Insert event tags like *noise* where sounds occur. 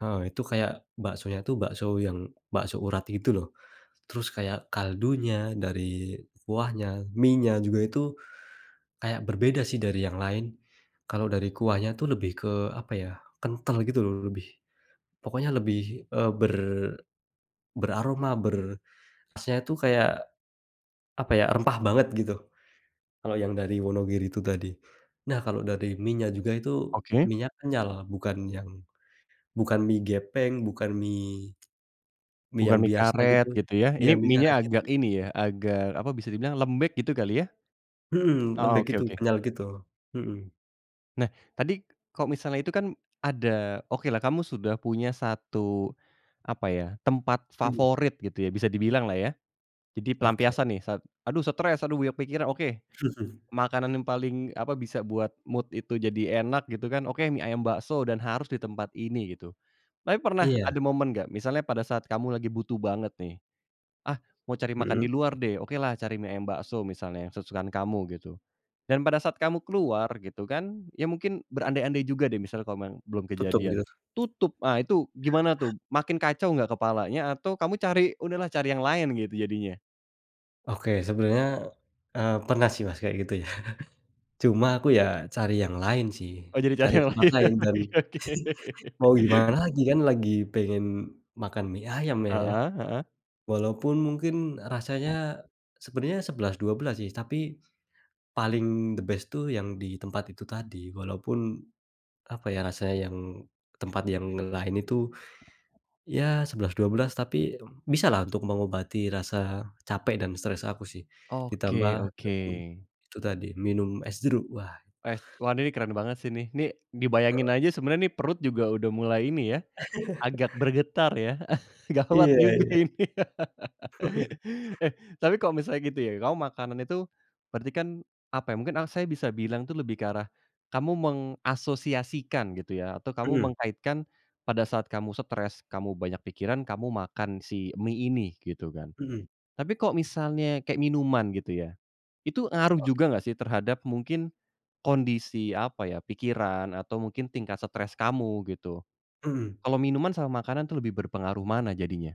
Nah, itu kayak baksonya itu bakso yang bakso urat gitu loh, terus kayak kaldunya dari kuahnya, mienya juga itu, kayak berbeda sih dari yang lain, kalau dari kuahnya itu lebih ke, apa ya, kentel gitu loh, lebih, pokoknya lebih, eee, ber beraroma ber khasnya itu kayak, apa ya, rempah banget gitu, kalau yang dari Wonogiri itu tadi. Nah, kalau dari mienya juga itu, Oke. mienya kenyal bukan yang, bukan mie gepeng, bukan mie, mie Bukan yang mie biasa gitu, karet, gitu ya? ya Ini mie karet, mienya agak gitu. ini ya agak apa, bisa dibilang lembek, gitu kali ya? Mhm, Oh, lembek oke gitu, oke. kenyal gitu. Mhm. Nah, tadi kalau misalnya itu kan ada, okelah kamu sudah punya 1, apa ya, tempat Hmm. favorit gitu ya, bisa dibilang lah, ya. Jadi Oke. pelampiasan nih saat, "Aduh stres, aduh banyak pikiran" oke. Makanan *chuckles* yang paling, apa, bisa buat mood itu jadi enak gitu kan, oke, mie ayam bakso dan harus di tempat ini, gitu. Tapi pernah Iya. ada momen nggak misalnya pada saat kamu lagi butuh banget nih, "Ah, mau cari makan Mhm. di luar deh", okelah cari mie ayam bakso misalnya yang kesukaan kamu, gitu. Dan pada saat kamu keluar, gitu kan, ya mungkin berandai-andai juga deh misalnya kalau memang belum kejadian, *unintelligible* tutup, ah, itu gimana tuh, makin kacau nggak kepalanya atau kamu cari, udahlah cari yang lain gitu, jadinya? Oke, sebenernya, eee, pernah sih, Mas, kayak gitu, ya. *chuckles* Cuma aku ya, cari yang lain sih, Oh, jadi cari cari yang tempat lain. lain Oh, dan iya, oke. *laughs* *chuckles* mau gimana lagi kan. Lagi pengen makan mie ayam, ya ya. Heeh heeh. Walaupun mungkin rasanya, sebenernya 11, 12 sih tapi, paling the best tuh, yang di tempat itu tadi, walaupun, apa ya, rasa yang tempat yang lain itu ya 11, 12 tapi bisa lah untuk mengobati rasa capek dan stres aku sih. Ditambah Oke oke. *unintelligible* itu tadi minum es jeruk, wah. Es wah ini nih keren banget sih, nih nih, dibayangin aja sebenernya nih perut juga udah mulai ini ya, agak *laughs* bergetar ya, gawat Iya juga iya. ini. *laughs* *chuckles* Eh, tapi kalau misalnya gitu ya, kamu makanan itu berarti kan, apa ya, mungkin saya bisa bilang tuh lebih ke arah, kamu mengasosiasikan, gitu ya, atau kamu Mhm. mengkaitkan, pada saat kamu stres, kamu banyak pikiran kamu makan si mie ini, gitu kan. Mhm. Tapi kok misalnya kayak minuman, gitu ya, itu ngaruh Oke. juga nggak sih terhadap mungkin, kondisi, apa ya, pikiran atau mungkin tingkat stres kamu, gitu, Mhm. kalau minuman sama makanan tuh lebih berpengaruh mana jadinya?